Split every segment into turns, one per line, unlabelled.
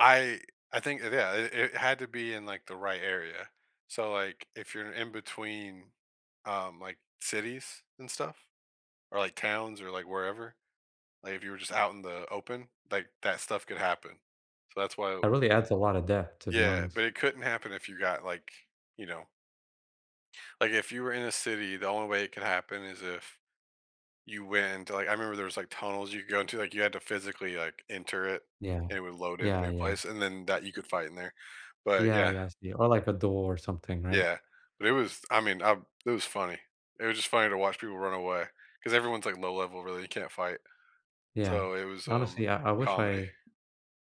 I I think it yeah, i it had to be in, like, the right area, so, like, if you're in between, um, like, cities and stuff or, like, towns or, like, wherever, like, if you were just out in the open, like, that stuff could happen, so that's why
That really adds a lotta depth, to be
Yeah, but
honest.
it couldn't happen if you got, like, you know like, if you were in a city, the only way it could happen is if you went like, I remember there was, like, tunnels you go into, like, you had to physically, like, enter it,
Yeah.
and it would load in a
Yeah,
new
yeah.
place, and then that, you could fight in there, but,
Yeah,
yeah.
yeah, I see, or, like, a door or something, right?
Yeah, but it was I mean, uh it was funny, it was just funny to watch people run away 'cause everyone's, like, low level, really, you can't fight,
Yeah.
so it was, um,
Honestly, I I wish
comedy.
I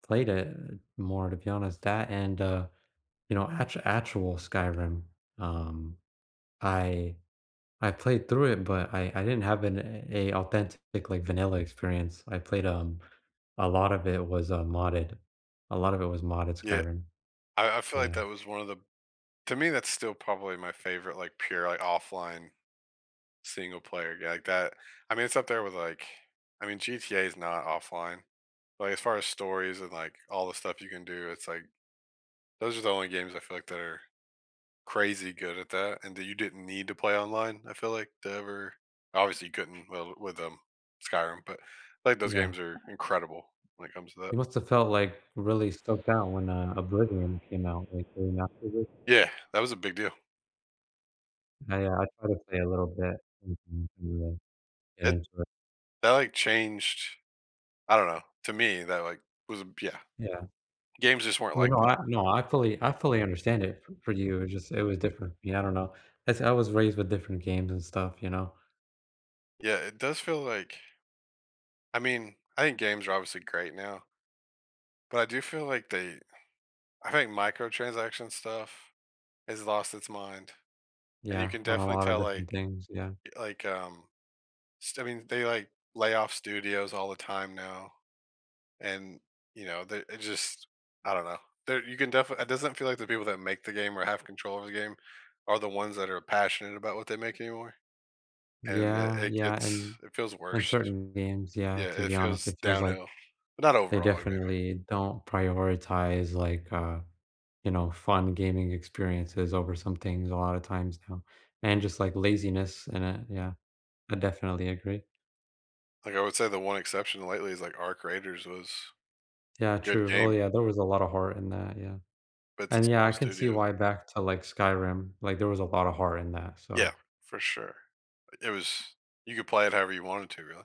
played it more, to be honest, that and, uh, you know, act actual Skyrim, um, I I played through it, but I I didn't have an a a authentic, like, vanilla experience, I played um, a lot of it was a modded a lot of it was modded
Yeah.
Skyrim.
I I feel like
Yeah.
that was one of the To me, that's still probably my favorite, like, pure, like, offline, single-player g I got I mean, it's up there with, like I mean, GTA is not offline. But, as far as stories and, like, all the stuff you can do, it's like those are the only games I feel, like, that are crazy good at that and that you didn't need to play online, I feel like, to ever obviously couldn't, well, with, um, Skyrim, but, like, those
Yeah.
games are incredible when it comes to that.
It must have felt, like, really stuck down when, uh, Oblivion came out, like,?
Yeah,
[unintelligible]
that was a big deal.
I, uh I try to play a little bit [unintelligible] and
It
enjoy.
that, like, changed I don't know, to me, that, like, was b yeah.
Yeah.
Games just weren't
I mean,
like
no, I
that.
no, I fully I fully understand it f for you, it just it was different, yeah, I don't know, that's I was raised with different games and stuff, you know?
Yeah. It does feel like I mean, I think games are obviously great now. But I do feel, like, they I think microtransaction stuff has lost its mind. And you
Yeah,
can
on a
definitely
lotta
tell, like
different things, yeah.
like, um, just, I mean, they, like, lay off studios all the time now. And, you know, they it just I don't know, there you can defi it doesn't feel like the people that make the game or have control of the game are the ones that are passionate about what they make anymore, and it
Yeah,
it
yeah,
it's
and
it feels
and
worst.
certain games, yeah,
Yeah,
to
it
be honest,
feels
it feels like
downhill, but not
they
overall, maybe.
definitely don't prioritize, like, uh, you know, fun gaming experiences over some things a lotta times now, and just like laziness in it, yeah. I definitely agree.
Like, I would say the one exception lately is, like, ARC Raiders was
Yeah,
good
true, oh,
game.
yeah, there was a lotta heart in that, yeah.
But it's
And,
a
yeah,
small
I can see
studio.
why back to, like, Skyrim, like, there was a lotta heart in that,
Yeah.
so
For sure. It was you could play it however you wanted to, really.